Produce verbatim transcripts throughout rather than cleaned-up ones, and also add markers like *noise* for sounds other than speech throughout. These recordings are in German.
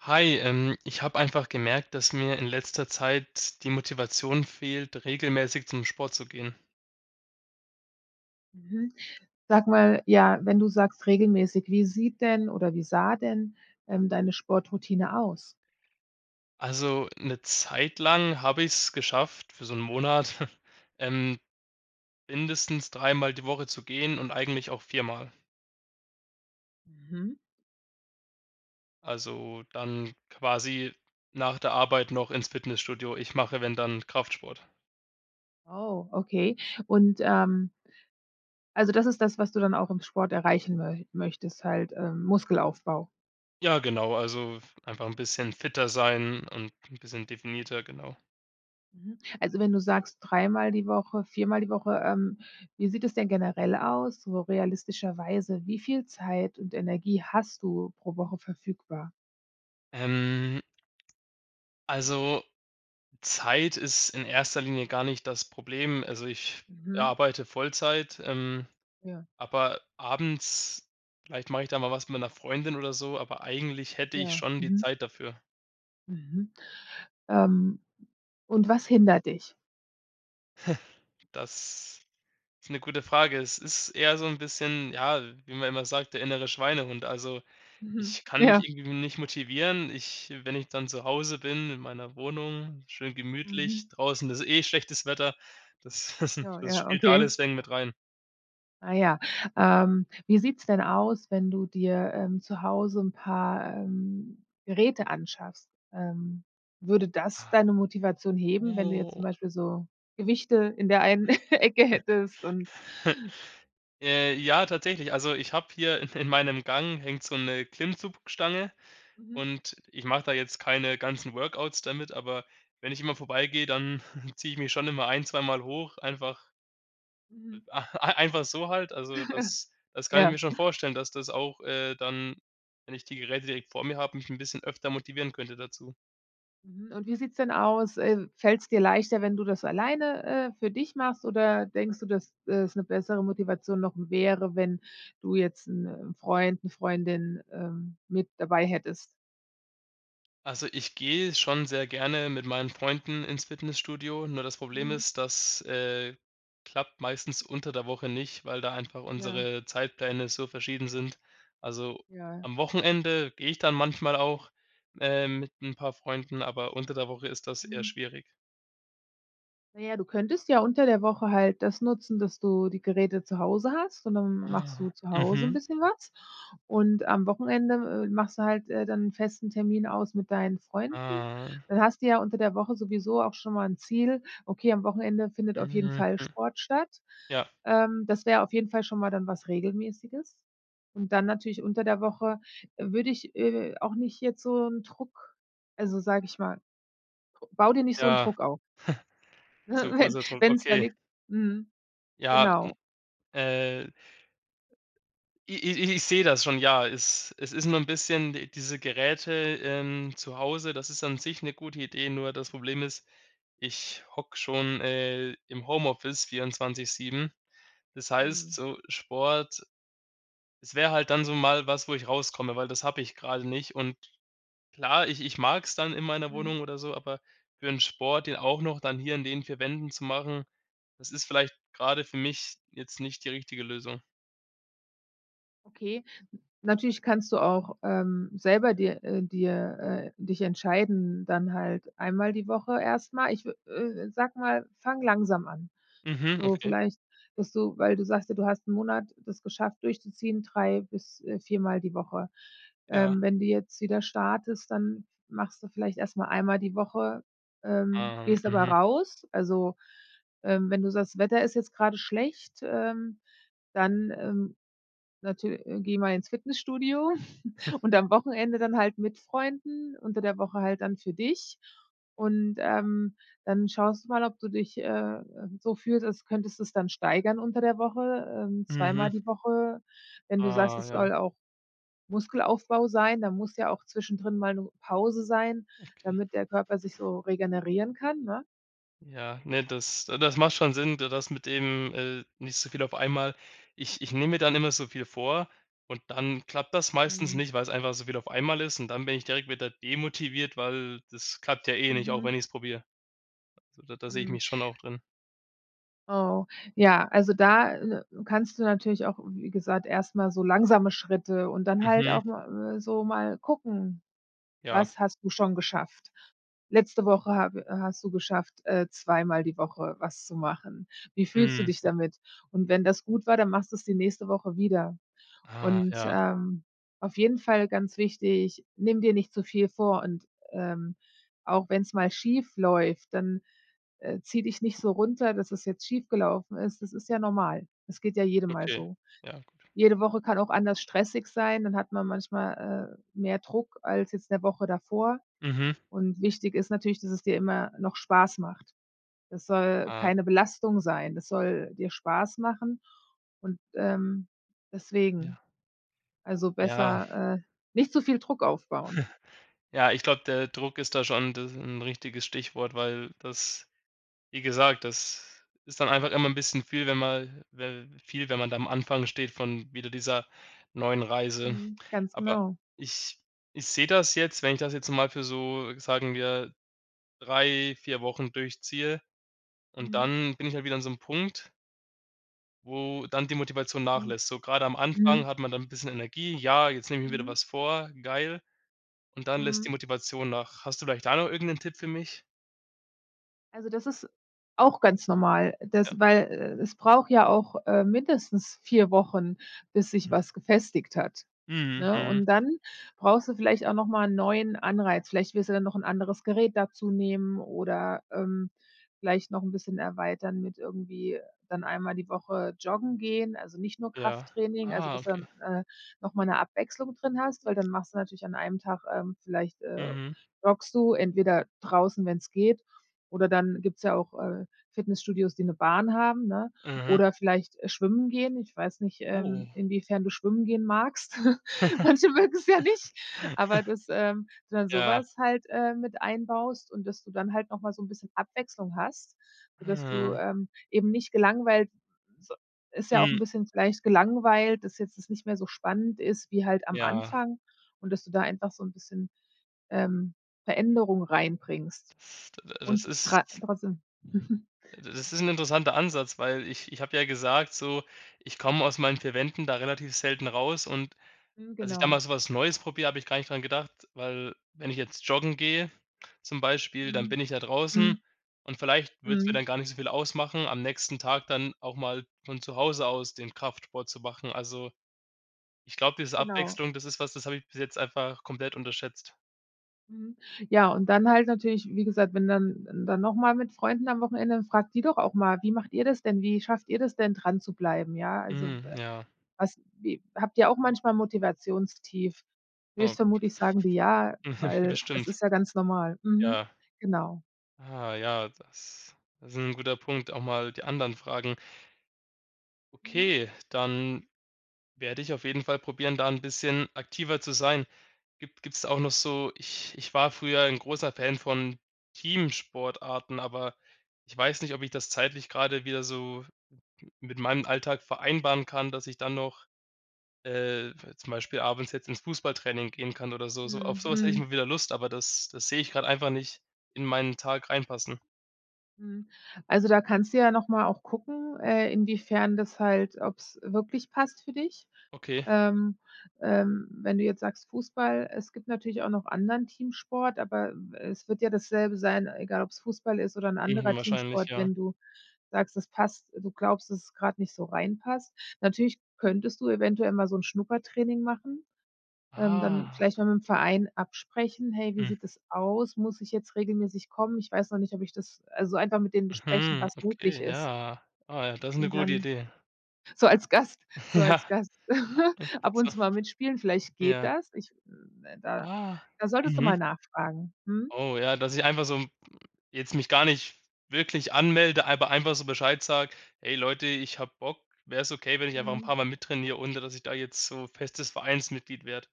Hi, ähm, ich habe einfach gemerkt, dass mir in letzter Zeit die Motivation fehlt, regelmäßig zum Sport zu gehen. Mhm. Sag mal, ja, wenn du sagst, regelmäßig, wie sieht denn oder wie sah denn, ähm, deine Sportroutine aus? Also, 'ne Zeit lang habe ich's geschafft, für so ‘n Monat. *chuckles* Ähm, mindestens dreimal die Woche zu gehen und eigentlich auch viermal. Mhm. Also, dann quasi nach der Arbeit noch ins Fitnessstudio. Ich mache, wenn dann Kraftsport. Oh, okay. Und, ähm also das ist das, was du dann auch im Sport erreichen mö möchtest, halt, ähm, Muskelaufbau? Ja, genau, also, f einfach 'n bisschen fitter sein und ‘n bisschen definierter. Genau. Mhm, also, wenn du sagst: „Dreimal die Woche, viermal die Woche“, ähm, wie sieht es denn generell aus, so realistischerweise, wie viel Zeit und Energie hast du pro Woche verfügbar? Ähm Also, Zeit ist in erster Linie gar nicht das Problem. Also, ich Mhm. arbeite Vollzeit, ähm, Ja. aber abends vielleicht mache ich da mal was mit meiner Freundin oder so, aber eigentlich hätte ich Ja. schon die Mhm. Zeit dafür. Mhm. Ähm, und was hindert dich? *chuckles* Das ist 'ne gute Frage. Es ist eher so 'n bisschen, ja- wie man immer sagt- der innere Schweinehund. Also, Mhm. ich kann mich Ja. irgendwie nicht motivieren. Ich wenn ich dann zu Hause bin, in meiner Wohnung, schön Mhm. gemütlich, draußen ist eh schlechtes Wetter, das das *chuckles* Ja, das ja, spielt okay. alles *unintelligible* mit rein. Ah ja. Ähm, wie sieht's denn aus, wenn du dir, ähm, zu Hause 'n paar, ähm, Geräte anschaffst? Ähm, würde das Ah. deine Motivation heben, wenn du jetzt zum Oh. Beispiel so Gewichte in der einen *chuckles* Ecke hättest und *chuckles* Äh, ja, tatsächlich. Also, ich habe hier in in meinem Gang hängt so 'ne Klimmzugstange. Mhm. Und ich mache da jetzt keine ganzen Workouts damit, aber wenn ich immer vorbeigehe, dann *chuckles* ziehe ich mich schon immer ein zweimal hoch. Einfach e Mhm. einfach so halt. Also das *chuckles* das kann ich Ja. mir schon vorstellen, dass das auch, äh, dann, wenn ich die Geräte direkt vor mir habe, mich 'n bisschen öfter motivieren könnte dazu. Mhm, und wie sieht's denn aus, äh, fällt's dir leichter, wenn du das alleine, äh, für dich machst, oder denkst du, dass es 'ne bessere Motivation noch wäre, wenn du jetzt 'n, äh, Freund, 'ne Freundin, ähm, mit dabei hättest? Also, ich gehe schon sehr gerne mit meinen Freunden ins Fitnessstudio. Nur das Problem Mhm. ist, das, äh, klappt meistens unter der Woche nicht, weil da einfach Ja. unsere Zeitpläne so verschieden sind. Also, Ja. am Wochenende gehe ich dann manchmal auch, äh, mit 'n paar Freunden, aber unter der Woche ist das eher Mhm. schwierig. Na ja, du könntest ja unter der Woche halt das nutzen, dass du die Geräte zu Hause hast. Und dann machst du Ah, zu Hause 'n mhm. bisschen was. Und am Wochenende, äh, machst du halt, äh, dann 'n festen Termin aus mit deinen Freunden. Mhm. Dann hast du ja unter der Woche sowieso auch schon mal 'n Ziel: „Okay, am Wochenende findet auf jeden Mhm, Fall hm. Sport statt.” Ja. Ähm, das wäre auf jeden Fall schon mal dann was Regelmäßiges. Und dann natürlich unter der Woche, äh, würde ich, äh, auch nicht jetzt so 'n Druck also sage ich mal: „Bau dir nicht so 'n Ja. *chuckles* Druck auf.” Äh, Zu wenn großer Druck, wenn's da okay. liegt mhm, Ja, genau. äh i i i ich sehe das schon. Ja, es es ist nur 'n bisschen di diese Geräte, ähm, zu Hause, das ist an sich 'ne gute Idee. Nur das Problem ist, ich hocke schon, äh, im Homeoffice vierundzwanzig sieben. Das heißt Mhm. so Sport es wäre halt dann so mal was, wo ich rauskomme, weil das habe ich grade nicht. Und klar, ich ich mag's dann in meiner Mhm. Wohnung oder so, aber für 'n Sport, den auch noch dann hier in den vier Wänden zu machen, das ist vielleicht grade für mich jetzt nicht die richtige Lösung. Okay. Natürlich kannst du auch, ähm, selber dir äh, dir äh, dich entscheiden. Dann halt einmal die Woche erstmal, ich wü äh, sag mal, fang langsam an. Mhm, So okay. vielleicht, dass du weil du sagst ja, du hast 'n Monat das geschafft durchzuziehen. drei bis, äh, vier Mal die Woche. Ja. Ähm, wenn du jetzt wieder startest, dann machst du vielleicht erstmal einmal die Woche, ähm, Ah, gehst aber mhm. raus. Also, ähm, wenn du sagst, das Wetter ist jetzt gerade schlecht, ähm, dann, ähm, natür äh, geh mal ins Fitnessstudio *chuckles* *chuckles* und am Wochenende dann halt mit Freunden, unter der Woche halt dann für dich. Und, ähm, dann schaust du mal, ob du dich, äh, ähm, so fühlst, als könntest es dann steigern unter der Woche, ähm, zweimal Mhm. die Woche. Wenn du sagst, Ah, es ja. soll auch Muskelaufbau sein, da muss ja auch zwischendrin mal 'ne Pause sein, Okay. damit der Körper sich so regenerieren kann, ne? Ja. Ne, das das macht schon Sinn, da das mit dem, äh, nicht so viel auf einmal. Ich, ich nehme mir dann immer so viel vor. Und dann klappt das meistens Mhm. nicht, weil es einfach so viel auf einmal ist. Und dann bin ich direkt wieder demotiviert, weil das klappt ja eh nicht, auch Mhm. wenn ich es probiere. Da da sehe ich Mhm. mich schon auch drin. Oh, ja. Also, da, äh, kannst du natürlich auch wie gesagt, erstmal so langsame Schritte. Und dann halt Mhm. auch ma mal so mal gucken, Ja. was hast du schon geschafft? Letzte Woche habe i hast du geschafft, äh, zweimal die Woche was zu machen. Wie fühlst du Mhm. dich damit? Und wenn das gut war, dann machst du es die nächste Woche wieder. Ah, Und, ja. ähm, auf jeden Fall ganz wichtig, nimm dir nicht zu viel vor. Und, ähm, auch wenn es mal schief läuft, dann, äh, zieh dich nicht so runter, dass es jetzt schief gelaufen ist. Das ist ja normal, es geht ja jedem mal Okay. so. Ja, gut. Jede Woche kann auch anders stressig sein. Dann hat man manchmal, äh, mehr Druck als jetzt 'ne Woche davor. Mhm. Und wichtig ist natürlich, dass es dir immer noch Spaß macht. Das soll Ah. keine Belastung sein. Das soll dir Spaß machen und, ähm, deswegen. Ja. Also Ja. besser, äh, nicht so viel Druck aufbauen. *chuckles* Ja, ich glaube, der Druck ist da schon d äh, 'n richtiges Stichwort, weil das wie gesagt, das ist dann einfach immer 'n bisschen viel, wenn man we viel, wenn man da am Anfang steht von wieder dieser neuen Reise. Mhm. Ganz Aber genau. ich ich sehe das jetzt, wenn ich das jetzt mal für so sagen wir drei, vier Wochen durchziehe und Mhm. dann bin ich halt wieder an so 'nem Punkt Wo dann die Motivation Mhm. nachlässt, so gerade am Anfang Mhm. hat man dann ‘n bisschen Energie: „Ja, jetzt nehme ich mir wieder Mhm. was vor, geil“, und dann lässt die Mhm. Motivation nach. Hast du vielleicht da noch irgendeinen Tipp für mich? Also, das ist auch ganz normal. Ja. Das weil, äh, es braucht ja auch, äh, mindestens vier Wochen, bis sich Mhm. was gefestigt hat, Mhm, ne? mhm. Und, dann brauchst du vielleicht auch noch mal ‘n neuen Anreiz. Vielleicht willst du dann noch ‘n anderes Gerät dazu nehmen, oder, ähm, vielleicht noch ‘n bisschen erweitern mit irgendwie dann einmal die Woche joggen gehen, also nicht nur Ja. Krafttraining, also Ah, dass dann, okay. äh, nochmal ‘ne Abwechslung drin hast, weil dann machst du natürlich an einem Tag, ähm vielleicht, äh, Mhm. joggst du entweder draußen, wenn‘s geht, oder dann gibt's ja auch, äh, Fitnessstudios, die ‘ne Bahn haben, ne? Mhm. Oder, vielleicht schwimmen gehen, ich weiß nicht, ähm, Oh. inwiefern du schwimmen gehen magst? *laughs* Manche mögen‘s ja nicht. Aber *giggles* das, ähm dann Ja. sowas halt, äh, mit einbaust und dass du dann halt nochmal so ‘n bisschen Abwechslung hast, so dass du, Hm. ähm, eben nicht gelangweilt so ist ja auch Hm. ‘n bisschen vielleicht gelangweilt, dass jetzt das nicht mehr so spannend ist wie halt am Ja. Anfang und dass du da einfach so ‘n bisschen, ähm, Veränderung reinbringst D das und tra ist trotzdem *chuckles* äh, das ist ‘n interessanter Ansatz, weil ich ich habe ja gesagt, so: „Ich komme aus meinen vier Wänden da relativ selten raus“ und Mhm, dass ich da genau. mal so was Neues probiere, habe ich gar nicht dran gedacht, weil wenn ich jetzt joggen gehe, zum Beispiel, dann Mhm. bin ich ja draußen Mhm. und vielleicht wird's mir Mhm. dann gar nicht so viel ausmachen, am nächsten Tag dann auch mal von zu Hause aus den Kraftsport zu machen. Also, ich glaube, diese Genau. Abwechslung, das ist was, das habe ich bis jetzt einfach komplett unterschätzt. Mhm. Ja, und dann halt natürlich, wie gesagt, wenn dann dann nochmal mit Freunden am Wochenende, dann fragt die doch auch mal: „Wie macht ihr das denn? Wie schafft ihr das denn dran zu bleiben? Ja, also, w Mhm. äh, Ja. was wie habt ihr auch manchmal Motivationstief?“ Oh. Wirst vermutlich sagen die „ja“, Mhm. weil das Bestimmt. ist ja ganz normal. Mhm. Ja. Genau. Ah, ja, das ist 'n guter Punkt, auch mal die anderen fragen. Mhm. Okay, dann werde ich auf jeden Fall probieren, da 'n bisschen aktiver zu sein. Gibt gibt's da auch noch so ich ich war früher 'n großer Fan von Teamsportarten, aber ich weiß nicht, ob ich das zeitlich grade wieder so mit meinem Alltag vereinbaren kann, dass ich dann noch, äh, zum Beispiel abends jetzt ins Fußballtraining gehen kann oder so so. Auf Mhm, sowas hätte ich mhm. mal wieder Lust, aber das das sehe ich grad einfach nicht in meinen Tag reinpassen. Mhm. Also, da kannst du ja noch mal auch gucken, äh, inwiefern das halt ob's wirklich passt für dich. Okay. Ähm, ähm, wenn du jetzt sagst Fußball, es gibt natürlich auch noch anderen Teamsport, aber, äh, es wird ja dasselbe sein, egal ob's Fußball ist oder 'n Mhm, anderer wahrscheinlich, Teamsport. ja. Wenn du sagst, es passt du glaubst, dass es grad nicht so rein passt. Natürlich könntest du eventuell mal so 'n Schnuppertraining machen. Ähm, dann Ah. vielleicht mal mit dem Verein absprechen. „Hey, wie Mhm. sieht es aus? Muss ich jetzt regelmäßig kommen? Ich weiß noch nicht, ob ich das“, also, einfach mit denen besprechen, Mhm, was möglich okay, ist. ja. Ah, ja, das ist 'ne Und gute dann Idee. so als Gast so Ja. als Gast *chuckles* ab *laughs* und zu mal mitspielen, *unintelligible* vielleicht geht Ja. das. Ich äh, da Ah, da solltest du mhm. mal nachfragen. Mhm. Oh, ja, dass ich einfach so jetzt mich gar nicht wirklich anmelde. Aber einfach so bescheid sage: „Hey, Leute, ich habe Bock. Wäre es okay, wenn ich einfach 'n Mhm. paar Mal mit trainiere ohne, dass ich da jetzt so festes Vereinsmitglied werde?“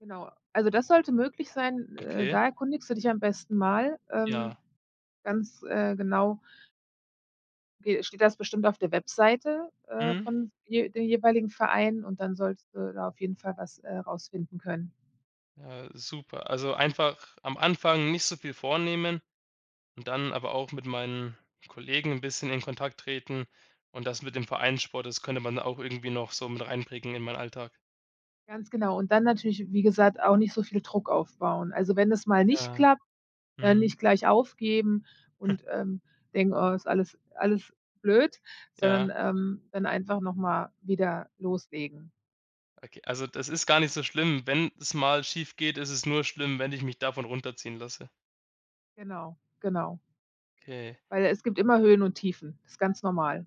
Genau, also das sollte möglich sein. Äh, Okay. da erkundigst du dich am besten mal, ähm, Ja. ganz, äh, genau ge steht das bestimmt auf der Webseite, äh, Mhm. von de den jeweiligen Verein und dann solltest du da auf jeden Fall was, äh, rausfinden können. Ja, super. Also, einfach am Anfang nicht so viel vornehmen und dann aber auch mit meinen Kollegen ‘n bisschen in Kontakt treten. Und, das mit dem Vereinssport, das könnte man auch irgendwie noch so mit einbringen in meinen Alltag. Ganz genau. Und, dann natürlich, wie gesagt, auch nicht so viel Druck aufbauen. Also, wenn es mal nicht Ja. klappt, dann Mhm. nicht gleich aufgeben *chuckles* und, ähm, denken: „Oh, ist alles alles blöd“, sondern, Ja. ähm, dann einfach nochmal wieder loslegen. Okay. Also, das ist gar nicht so schlimm. Wenn es mal schief geht, ist es nur schlimm, wenn ich mich davon runterziehen lasse. Genau, genau Okay. weil es gibt immer Höhen und Tiefen. Ist ganz normal.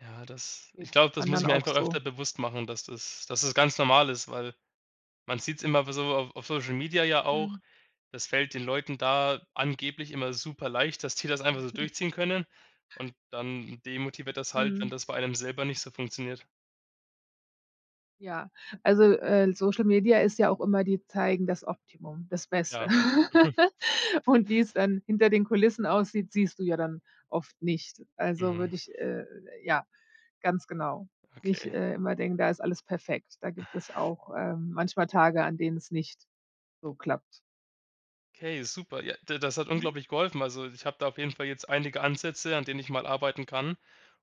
Ja, das ich Geht glaube, das muss anderen ich mir auch einfach so. öfter bewusst machen, dass das dass es ganz normal ist, weil man sieht‘s immer w so auf auf Social Media ja auch, Mhm. das fällt den Leuten da angeblich immer super leicht, dass die das einfach so *chuckles* durchziehen können und dann demotiviert das halt, wenn Mhm. das bei einem selber nicht so funktioniert. Ja. Also, äh, Social Media ist ja auch immer die zeigen das Optimum, das Beste. Ja. *chuckles* *laughs* Und, wie es dann hinter den Kulissen aussieht, siehst du ja dann oft nicht, also Mhm. würde ich, äh ja, ganz genau, nicht, Okay. äh, immer denken, da ist alles perfekt. Da gibt es auch, ähm, manchmal Tage, an denen es nicht so klappt. Okay, super. Ja, d das hat Mhm. unglaublich geholfen. Also, ich habe da auf jeden Fall jetzt einige Ansätze, an denen ich mal arbeiten kann.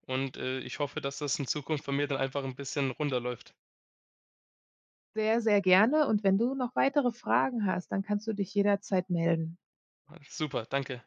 Und, äh, ich hoffe, dass das in Zukunft von mir dann einfach ‘n bisschen runder läuft. Sehr, sehr gerne und wenn du noch weitere Fragen hast, dann kannst du dich jederzeit melden. super. Danke.